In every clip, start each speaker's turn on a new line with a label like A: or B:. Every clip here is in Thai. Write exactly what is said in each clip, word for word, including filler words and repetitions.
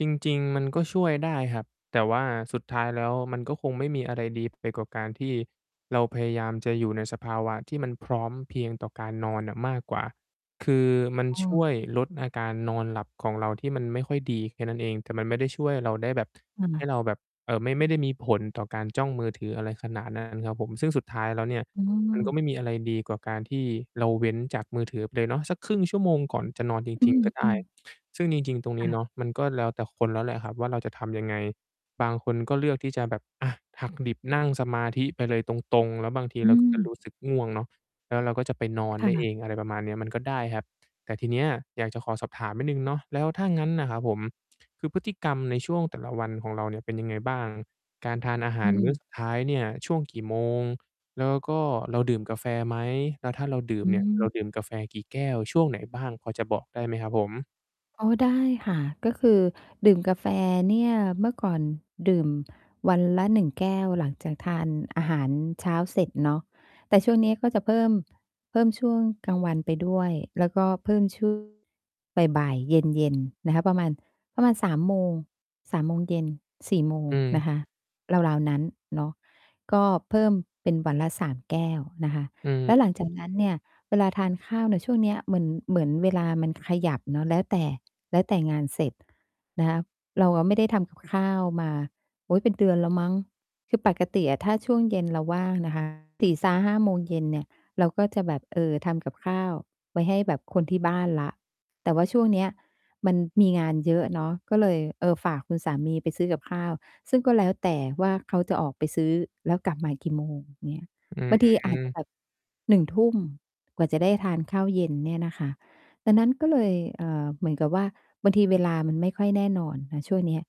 A: จริง ๆ มันก็ช่วยได้ครับ แต่ว่าสุดท้ายแล้ว มันก็คงไม่มีอะไรดี ไปกว่า การที่เราพยายามจะอยู่ในสภาวะที่มันพร้อมเพรียงต่อการนอนน่ะมากกว่า คือมัน
B: เ
A: ช่
B: ออ
A: วยลดอาการนอนหลับของเราที่มันไม่ค่อยดีแค่นั้นเอง แต่มันไม่ได้ช่วยเราได้แบบ
B: ค
A: ให
B: ่ะ
A: ้เราแบบ เอ่อ ไม่ได้มีผลต่อการจ้องมือถือ อะไรขนาด นั้น ครับผม ซึ่งสุดท้ายแล้วเนี่ย
B: อื
A: มันก็ไม่
B: ม
A: มีอะไรดีกว่าการที่เราเว้นจากมือถือไปเลยเนาะ สัก ครึ่ง ชั่วโมงก่อนจะนอนจ
B: อื
A: ริง ๆ ก็ได้
B: อ ๆ
A: ซึ่งจริง ๆ ตรงน
B: ค
A: ี
B: ่
A: ้
B: ะ
A: เนาะ มันก็แล้วแต่คนแล้วแหละครับว่า เราจะทำยังไง? บางคนก็เลือกที่จะแบบ อะ หักดิบ นั่งสมาธิไปเลยตรง ๆ แล้วบางที
B: อื
A: เราก็จะ
B: ม
A: รู้สึกง่วงเนาะ แล้วเราก็จะไปนอน
B: ค
A: ไ
B: ่
A: ด้เอ
B: ะ
A: ง อะไรประมาณเนี้ย มันก็ได้ครับ แต่ทีเนี้ย อยากจะขอสอบถามนิดหนึ่งเนาะ แล้วถ้างั้นน่ะครับผม คือ พฤติกรรมในช่วงแต่ละวันของเราเนี่ย เป็นยังไงบ้าง? การทานอาห
B: อ
A: า
B: ื
A: รมื้อ
B: ม
A: สุดท้ายเนี่ย ช่วงกี่โมง? แล้วก็เราดื่มกาแฟไหม? แล้วถ้าเราดื่
B: อ
A: ม
B: ื
A: เนี่ย เ
B: ม
A: ราดื่มกาแฟกี่แก้ว? ช่วงไหนบ้าง? พอจะบอกได้ไหมครับผม?
B: อ๋อ ได้ค่ะ ก็คือดื่มกาแฟเนี่ย เมื่อก่อนดื่มวันละ หนึ่ง แก้ว หลังจากทานอาหารเช้าเสร็จเนาะ แต่ช่วงนี้ก็จะเพิ่ม เพิ่มช่วงกลางวันไปด้วย แล้วก็เพิ่ม ช่วง บ่าย ๆ เย็น ๆ นะคะ ประมาณ ประมาณ สามโมง สามโมง เย็น สี่โม
A: อ
B: ง น
A: ืม
B: ะคะ ราว ๆ นั้นเนาะ ก็เพิ่มเป็นวันละ สาม แก้วนะคะ
A: อื
B: แล้ว
A: ม
B: หลังจาก นั้น เนี่ย เวลาทานข้าวเนี่ยช่วงเนี้ย เหมือน เหมือนเวลามันขยับเนาะ แล้วแต่ แล้วแต่งานเสร็จนะคะ เราอะไม่ได้ทำกับข้าวมา โอ๊ย เป็นเดือนแล้วมั้ง คือ ปกติอะ ถ้าช่วงเย็นเราว่างนะคะ สี่ ซ้า ห้า โมงเย็นเนี่ย เราก็จะแบบ เออ ทำกับข้าวไว้ให้แบบคนที่บ้านแล้ว แต่ว่าช่วงเนี้ย มันมีงานเยอะเนาะ ก็เลย เออ ฝากคุณสามีไปซื้อกับข้าว ซึ่งก็แล้วแต่ว่า เขาจะออกไปซื้อแล้วกลับมากี่โมงเงี้ย
A: อื้
B: บ
A: อ
B: างที
A: ฮ
B: อ
A: ื
B: าจจะ
A: อ
B: แบบ หนึ่งทุ่ม กว่าจะได้ทานข้าวเย็นเนี่ยนะคะ ดังนั้นก็เลย เออ เหมือนกับว่า บางทีเวลามันไม่ค่อยแน่นอนนะช่วงเนี้ย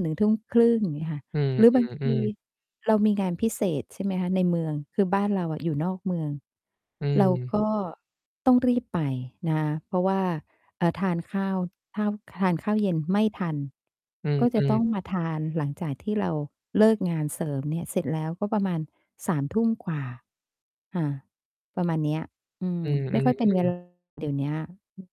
B: หนึ่งทุ่มครึ่ง อย่างเงี้ยค่ะ
A: อือ
B: หรือ
A: อื
B: บาง
A: อ
B: ท
A: อื
B: ี
A: อ
B: เรามีงานพิเศษ ใช่ไหมคะ ในเมือง คือบ้านเราอะ อยู่ นอกเมือง
A: อื
B: เรา
A: ม
B: ก็ ต้องรีบไปนะคะ เพราะว่า เอ่อ ทานข้าว ข้าว ทานข้าว เย็น ไม่ทัน
A: อือ
B: ก็จ
A: อื
B: ะต้
A: อ
B: องมาทานหลังจากที่เราเลิกงานเสริมเนี่ยเสร็จแล้ว ก็ประมาณ สามทุ่ม กว่า ค่ะ ประมาณเนี้ย อื
A: อ
B: ม
A: ื
B: ไม่ค่อยเป็นเว
A: อ ๆ
B: ล
A: ๆ
B: าเดี๋ยวเนี้ย อือ